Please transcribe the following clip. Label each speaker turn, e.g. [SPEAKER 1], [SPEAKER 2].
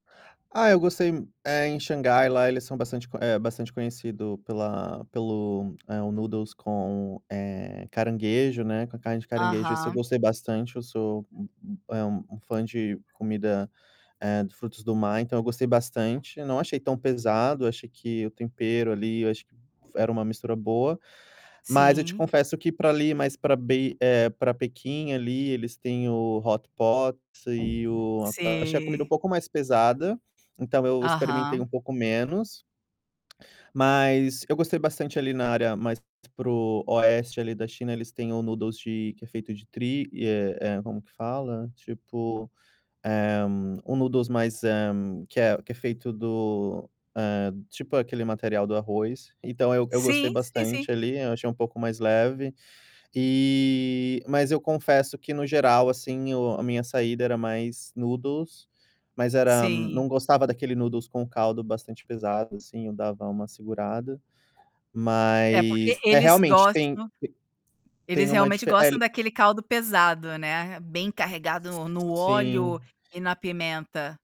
[SPEAKER 1] Ah, eu gostei é, em Xangai lá eles são bastante é bastante conhecido pela pelo, é, o Noodles, eh, com caranguejo, né, com a carne de caranguejo. Esse eu
[SPEAKER 2] Aham.
[SPEAKER 1] gostei bastante. Eu sou, um um, eh, um fã de comida, eh, de frutos do mar, então, eu gostei bastante. Eu não achei tão pesado, achei que o tempero, ali, eu acho que era uma mistura boa. Mas eu te
[SPEAKER 2] Sim.
[SPEAKER 1] confesso que para ali, mais para Bei pra Pequim ali eles têm o hot pot, e o achei a comida um
[SPEAKER 2] Sim.
[SPEAKER 1] pouco mais pesada, então, eu experimentei um
[SPEAKER 2] Aham.
[SPEAKER 1] pouco menos mas eu gostei bastante, ali, na área mais para o oeste ali da China. Eles têm o noodles de que é feito de tri eh eh como é que fala? Tipo, eh, um noodles mais, eh, que é que é feito do, eh tipo aquele material do arroz. Então, eu eu gostei
[SPEAKER 2] Sim, sim, sim.
[SPEAKER 1] bastante ali, eu achei um pouco mais leve. E, mas eu confesso que, no geral, assim, o a minha saída era mais noodles, mas era
[SPEAKER 2] Sim.
[SPEAKER 1] não gostava daquele noodles, com o caldo bastante pesado, assim, eu dava uma segurada.
[SPEAKER 2] É, porque
[SPEAKER 1] Mas é,
[SPEAKER 2] eles
[SPEAKER 1] realmente, tem e
[SPEAKER 2] gostam, eles
[SPEAKER 1] tem uma
[SPEAKER 2] realmente
[SPEAKER 1] dif
[SPEAKER 2] gostam
[SPEAKER 1] ele
[SPEAKER 2] daquele caldo pesado, né, bem carregado no no
[SPEAKER 1] Sim.
[SPEAKER 2] óleo e na pimenta.